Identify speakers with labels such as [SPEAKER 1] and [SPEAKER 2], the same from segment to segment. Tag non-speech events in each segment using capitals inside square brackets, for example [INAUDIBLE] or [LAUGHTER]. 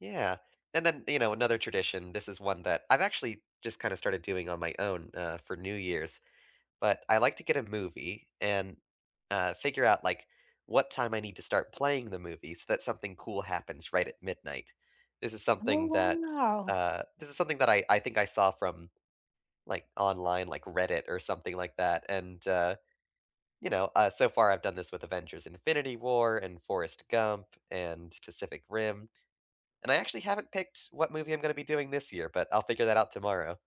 [SPEAKER 1] Yeah, and then, you know, another tradition this is one that I've actually just kind of started doing on my own, uh, for New Year's,
[SPEAKER 2] S
[SPEAKER 1] but I like to get a movie and, uh, figure out like what time I need to start playing the movie so that something cool happens right at midnight. This is
[SPEAKER 2] Oh,
[SPEAKER 1] something that,
[SPEAKER 2] wow.
[SPEAKER 1] uh this is something that I I think I saw from, like, online, like, Reddit or something like that, and, uh, you know, uh, so far I've done this with Avengers Infinity War and Forrest Gump, and Pacific Rim, and I actually haven't picked what movie I'm gonna be doing this year, but I'll figure that out tomorrow.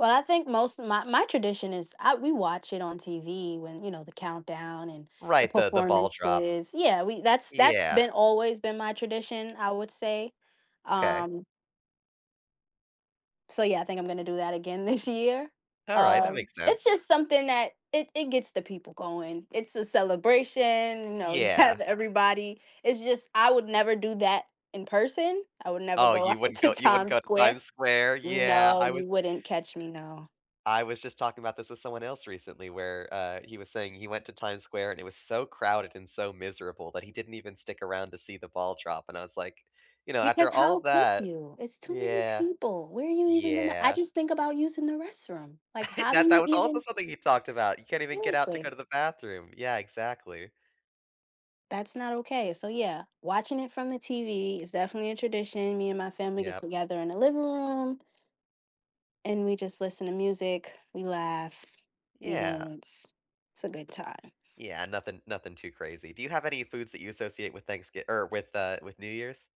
[SPEAKER 2] Well, I think most of my my tradition is, I we watch it on TV when, you know, the countdown and the
[SPEAKER 1] Right, the the ball drop.
[SPEAKER 2] performances, yeah, we that's that's
[SPEAKER 1] Yeah.
[SPEAKER 2] been, always been my tradition, I would say,
[SPEAKER 1] Okay.
[SPEAKER 2] um So yeah, I think I'm gonna do that again this year,
[SPEAKER 1] All right, that
[SPEAKER 2] um,
[SPEAKER 1] makes
[SPEAKER 2] it's
[SPEAKER 1] sense.
[SPEAKER 2] just something that it it gets the people going, it's a celebration, you know, you
[SPEAKER 1] Yeah.
[SPEAKER 2] have everybody, it's just, I would never do that in person. I would never
[SPEAKER 1] Oh,
[SPEAKER 2] go
[SPEAKER 1] you
[SPEAKER 2] out
[SPEAKER 1] wouldn't
[SPEAKER 2] to
[SPEAKER 1] go you wouldn't
[SPEAKER 2] Time
[SPEAKER 1] go to
[SPEAKER 2] Square.
[SPEAKER 1] Times Square? Yeah, I
[SPEAKER 2] No, you
[SPEAKER 1] was
[SPEAKER 2] wouldn't catch me, no.
[SPEAKER 1] I was just talking about this with someone else recently, where, uh, he was saying he went to Times Square and it was so crowded and so miserable that he didn't even stick around to see the ball drop, and I was, like, you know, "After
[SPEAKER 2] Because
[SPEAKER 1] all
[SPEAKER 2] how could
[SPEAKER 1] that,"
[SPEAKER 2] you? It's too many
[SPEAKER 1] yeah,
[SPEAKER 2] people. Where are you even gonna I
[SPEAKER 1] yeah.
[SPEAKER 2] just think about using the restroom, like,
[SPEAKER 1] [LAUGHS]
[SPEAKER 2] how do
[SPEAKER 1] That
[SPEAKER 2] you
[SPEAKER 1] that was also
[SPEAKER 2] even S
[SPEAKER 1] something he talked about; you can't even get out to go
[SPEAKER 2] seriously.
[SPEAKER 1] to the bathroom, yeah, exactly.
[SPEAKER 2] That's not okay, so yeah, watching it from the TV is definitely a tradition, me and my family get
[SPEAKER 1] Yeah.
[SPEAKER 2] together in the living room and we just listen to music, we laugh, we
[SPEAKER 1] Yeah.
[SPEAKER 2] dance. It's a good time.
[SPEAKER 1] Yeah, nothing nothing too crazy. Do you have any foods that you associate with Thanksgi or with, uh, with New Year's?